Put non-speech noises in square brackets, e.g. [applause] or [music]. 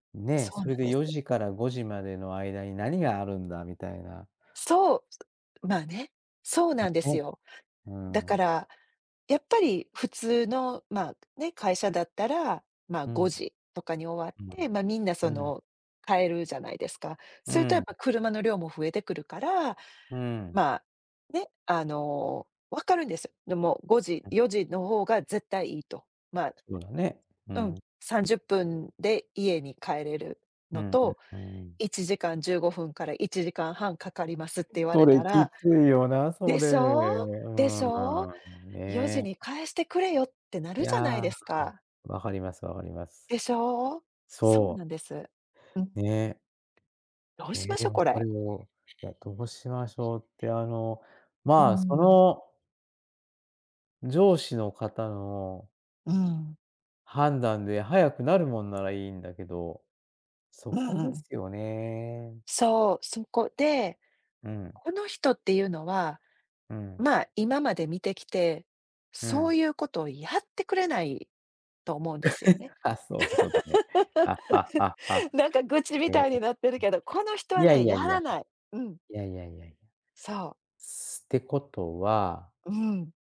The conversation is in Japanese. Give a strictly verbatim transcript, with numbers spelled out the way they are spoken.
ね、そうそれなんでです。よじからごじまでの間に何があるんだみたいな。そう。すまあね、そう [unintelligible] なんですね。よ。うーだかん。ら、やっぱり普通のまあ、ね、会社だったら、まあうん。ごん。、じとかに終わって、[unintelligible] ま、みんなそうん。の帰るじゃないですか。うそれとーやっん。ぱ車の量も増えてくるから、うーん。まあね、あの、わかるんです。でもごじ [unintelligible] よじの方が絶対いいと、まあそうだね、ううん、ん。さんじゅっぷんで家に帰れるうのんうん、うとーん。いちじかんじゅうごふんからいちじかんはんかかりますって言わそれれたきら、ついよな、そでれ。うしょうでしょう？ーん。「よじね。に帰してくれよ」ってないるじゃや、ないですか？わかりますわかります。でしょ？そうそう。なんです。うん。ね。どうえ、しましでょ、もこそれ。れを、じゃあどうしましょうってあの、うーまあそん。の上司の方のうん。判断で早くなるもんならいいんだけど、そうんこうでん。すよね。そう、そこで、うん。この人っていうのは、うん。まあ、今まで見てきて、うそん。ういうことをやってくれないと思うんですよね。[chuckles] あ、そういうことね。[laughs] [laughs] なんか愚痴みへえ、たいにん、なってるけど、この人はいやね、いややいや。らない。うん。いやいやいやいや。そう。すってことはうん。